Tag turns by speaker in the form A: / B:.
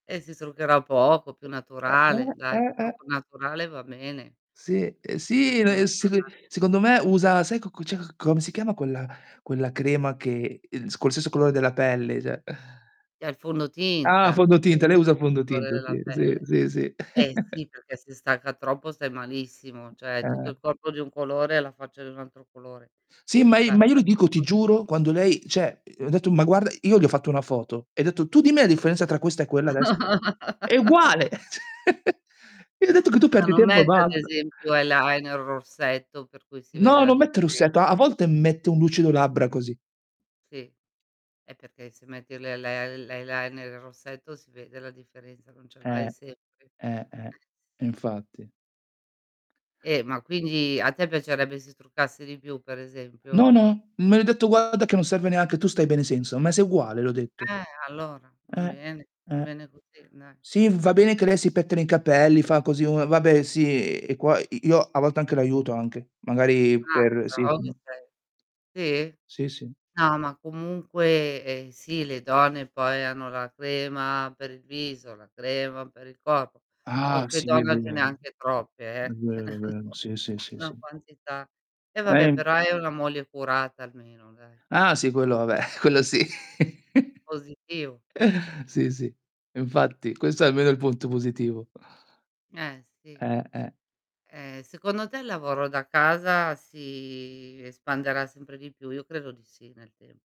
A: Eh, si s truccherà poco, più
B: Eh eh,
A: naturale,
B: eh,
A: dai il
B: eh, eh.
A: trucco naturale va bene.
B: Sì e
A: È sempre
B: sì,
A: più
B: ene e
A: naturale.
B: [unintelligible] secondo me usa, sai cocco cioè come si chiama quella quella crema che, ehm con lo stesso colore della pelle cioè?
A: È il
B: Ah,
A: fondotinta
B: fondotinta,
A: dello
B: lei usa il
A: stesso colore
B: fondotinta,
A: della
B: sì. sì,
A: pelle.
B: sì, sì.
A: Eh si, perché se stacca troppo stai malissimo, cioè tutto
B: Eh.
A: il corpo di un colore e la faccia di un altro colore.
B: Sì,
A: Come
B: ma i
A: fai a
B: ma io lo
A: fare una
B: dico, ti
A: cosa
B: giuro, quando lei cioè ho detto, ma guarda, io le ho fatto una foto. E detto, tu dimmi la differenza tra questa e quella adesso. È uguale. Quindi ho detto che tu
A: Ma
B: perdi
A: non
B: tempo e
A: metti ad
B: basta.
A: esempio eyeliner, rossetto, per cui si vede
B: No,
A: la
B: non mette il rossetto. A
A: differenza?
B: volte mette un lucido labbra, così.
A: Sì. è perché se metti l'eyeli l'eyeliner e il rossetto si vede la differenza, non ce l'hai
B: Eh.
A: sempre.
B: Eh, eh, infatti.
A: Eh, ma quindi a te piacerebbe se si truccasse di più per
B: No,
A: esempio?
B: no, ma le ho detto: "Guarda che non serve neanche, tu stai bene senza, ma sei uguale.", le ho detto.
A: Eh, allora. Va
B: Eh,
A: bene, va
B: eh.
A: bene così dai.
B: Sì, va bene che lei si pettina i capelli, fa così, uhm, vabbè sì e qua i io a volte anche l'aiuto, anche. Magari
A: Ah, che
B: per sì,
A: bravo che
B: sì.
A: sei. Sì?
B: Sì, sì.
A: No, ma comunque eh, sì, le donne poi hanno la crema per il viso, la crema per il corpo.
B: Ah,
A: Qualche
B: sì è
A: donne ce ne ha
B: vero.
A: anche troppe
B: E'
A: eh
B: vero, è vero. Sì, sì, sì,
A: na'
B: sì.
A: quantità. E vabbè,
B: Eh.
A: però hai una moglie curata almeno, dai.
B: Ah, sì quello vabbè. Quello sì.
A: Positivo.
B: Sì, sì. Infatti questo è almeno il punto positivo.
A: Eh, sì.
B: Eh, eh.
A: Ehm, secondo te il lavoro da casa si espanderà sempre di più? Io credo di sì, nel tempo.